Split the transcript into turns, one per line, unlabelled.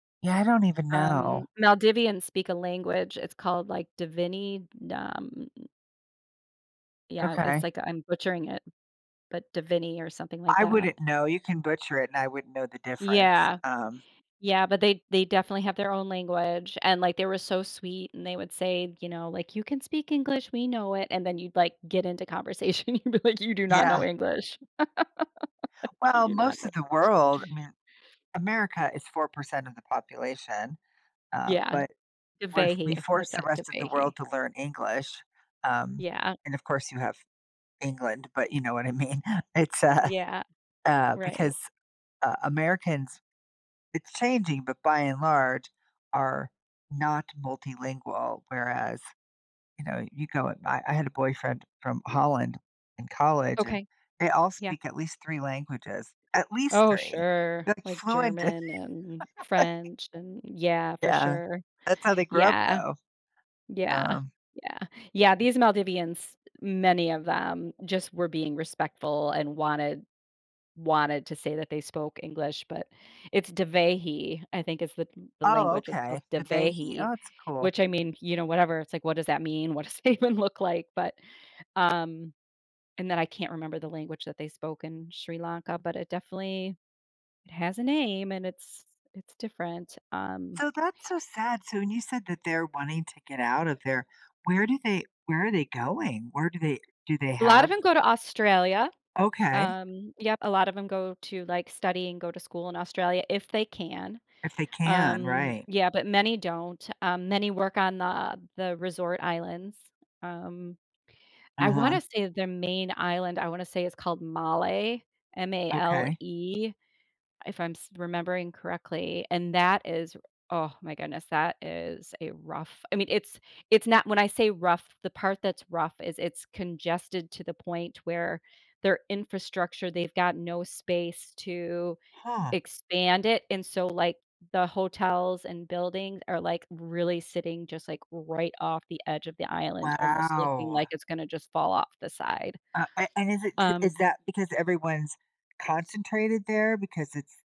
Yeah, I don't even know.
Um, Maldivians speak a language, it's called, like, Dhivehi, d um Yeah, w it's
Okay.
like I'm butchering it, but Dhivehi or something like
I
that.
wouldn't know, you can butcher it, and I wouldn't know the difference,
Yeah.
um
Yeah, but they they definitely have their own language, and, like, they were so sweet, and they would say, you know, like, "You can speak English, we know it." And then you'd, like, get into conversation, and you'd be like, "You do not know
Yeah.
English." "You
Well,
do not
most
know
of the
English."
world, I mean America is 4% of the population, uh,
Yeah.
but. We're we
Dhivehi,
force
that's
the
it,
rest of the
Dhivehi.
world to learn English, um,
Yeah.
and, of course, you have England, but you know what I mean. It's uh
Yeah.
Uh,
Right.
because, uh, Americans it's changing, but by and large, are not multilingual, whereas, you know, you go at my I had a boyfriend from Holland in college, and
Okay.
they all
Yeah.
speak at least 3 languages, at least
Oh
3.
sure,
They're like
like,
fluent in it,
German, um,
like
French an Yeah, for
Yeah,
sure.
that's how they grew up,
Yeah.
though.
Yeah,
Um
yeah. Yeah, these Maldivians, many of them, just were being respectful and wanted wanted to say that they spoke English, but it's Dhivehi, I think is the the
Oh
language, it's called
okay, "Dhivehi,"
Dhivehi.
oh it's cool.
Which I mean, you know, whatever, it's like, "What does that mean? What does it even look like?" But, um and then I can't remember the language that they spoke in Sri Lanka, but it definitely it has a name, and it's it's different, um
So that's so sad, so when you said that they're wanting to get out of there, where do they where are they going? Where do they do they
A lot of
have
'em go to Australia.
Okay.
Um, yep, a lot of 'em go to, like, study and go to school in Australia, if they can.
If they can,
Um,
right.
yeah, but many don't, um, many work on the the resort islands. Um, I wanna
Uh-huh.
say their main island, I wanna say is called Malé,
Okay.
M-A-L-E, if I'm s remembering correctly. And that is- oh my goodness- that is a rough, I mean, it's it's not when I say rough, the part that's rough is it's congested to the point where their infrastructure, they've got no space to
Huh.
expand it, and so, like, the hotels and buildings are, like, really sitting just, like, right off the edge of the island, almost looking
Wow.
like it's gonna just fall off the side.
Uh, a and is it jus is
Um
that because everyone's concentrated there, because it's